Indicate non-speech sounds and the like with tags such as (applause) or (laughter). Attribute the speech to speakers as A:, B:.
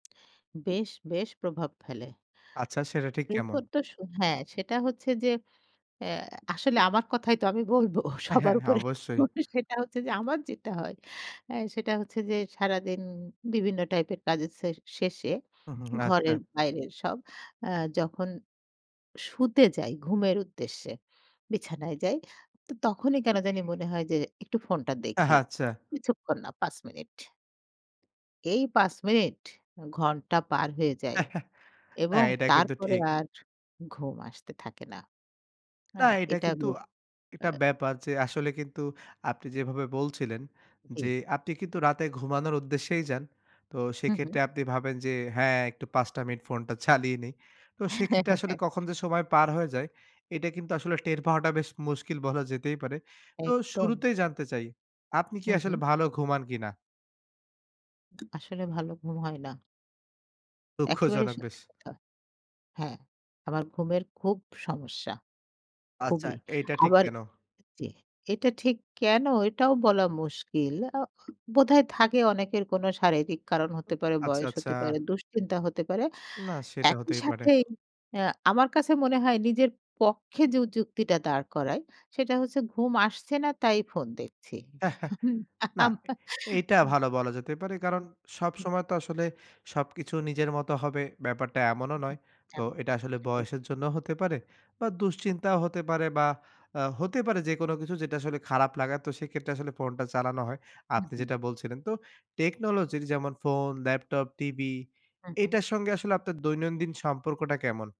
A: বেশ, বেশ প্রভাব ফেলে।
B: আচ্ছা সেটা ঠিক কেমন?
A: এরপর তো সো হ্যাঁ, সেটা হচ্ছে যে, অ্যা আসলে আমার কথাই তো আমি বলবো সবার
B: হ্যাঁ, হ্যাঁ,
A: উপরে
B: অবশ্যই।
A: সেটা হচ্ছে, যে আমার যেটা হয় অ্যা সেটা হচ্ছে যে, সারাদিন বিভিন্ন টাইপের কাজের সে শেষে,
B: হুম,
A: (smacks lips)
B: হুম, আচ্ছা।
A: ঘরের বাইরের সব আ যখন শুতে যাই, ঘুমের উদ্দেশ্যে, বিছানায় যাই, তখনই কেনো জানি মনে হয় যে একটু ফোনটা দেখি।
B: আচ্ছা।
A: কিছুক্ষণ না ৫ মিনিট। এই ৫ মিনিট, ঘণ্টা পার হয়ে যায়
B: (chuckles)
A: এবং
B: হ্যাঁ, এটা
A: তার
B: কিন্তু
A: পরে
B: ঠিক।
A: আর ঘুম আসতে থাকে না।
B: না
A: হ্যাঁ,
B: এটা
A: এটা
B: কিন্তু
A: (unintelligible)
B: আ এটা
A: অ্যা
B: ব্যাপার যে, আসলে কিন্তু আপনি যেভাবে বলছিলেন যে
A: জ্বি।
B: আপনি কিন্তু রাতে ঘুমানোর উদ্দেশ্যেই যান, তো
A: হুম, হু।
B: সেক্ষেত্রে আপনি ভাবেন যে হ্যাঁ একটু ৫টা মিনিট ফোনটা চালিয়ে নিই। তো সেক্ষেত্রে আসলে কখন
A: (chuckles)
B: যে সময় পার হয়ে যায়, এটা কিন্তু আসলে টের পাওয়াটা বেশ মুশকিল বলা যেতেই পারে। তো
A: একদম।
B: শুরুতেই জানতে চাই আপনি কি
A: হুম, হু।
B: আসলে ভালো ঘুমান কিনা?
A: আসলে ভালো ঘুম হয় না। একেবারেই
B: দুঃখজনক বেশ।
A: সত্যি কথা। হ্যাঁ, আমার ঘুমের খুব সমস্যা,
B: আচ্ছা,
A: খুবই।
B: এইটা ঠিক
A: আবার
B: কেনো?
A: জ্বি। এটা ঠিক কেনো এটাও বলা মুশকিল। অ বোধহয় থাকে অনেকের কোনো শারীরিক কারণ
B: উ
A: হতে পারে,
B: আচ্ছা,
A: বয়স
B: আচ্ছা।
A: হতে পারে, দুশ্চিন্তা হতে পারে।
B: না, সেটা
A: একই
B: হতেই পারে।
A: সাথেই অ্যা আমার কাছে মনে হয় নিজের পক্ষে জু যুক্তিটা দাঁড় করায় সেটা হচ্ছে ঘুম আসছে না তাই ফোন দেখছি।
B: (chuckles)
A: (chuckles) হুম,
B: না,
A: আম
B: এইটা
A: উ
B: ভালো বলা যেতে পারে। কারন সবসময় তো আসলে সবকিছু নিজের মত হবে ব্যাপারটা এমনও নয়।
A: (unintelligible)
B: তো
A: এমন
B: এটা
A: অ
B: আসলে
A: সেটাই।
B: বয়সের জন্যও হতে পারে বা দুশ্চিন্তাও হতে পারে বা অ্যা হতে পারে যেকোনো কিছু যেটা আসলে খারাপ লাগা, তো সেক্ষেত্রে আসলে ফোনটা চালানো হয়।
A: হুম,
B: আপনি
A: হু।
B: যেটা বলছিলেন তো টেকনোলজির যেমন ফোন, ল্যাপটপ, টিভি
A: হুম, হুম।
B: এটার সঙ্গে আসলে আপনার দৈনন্দিন সম্পর্কটা কেমন?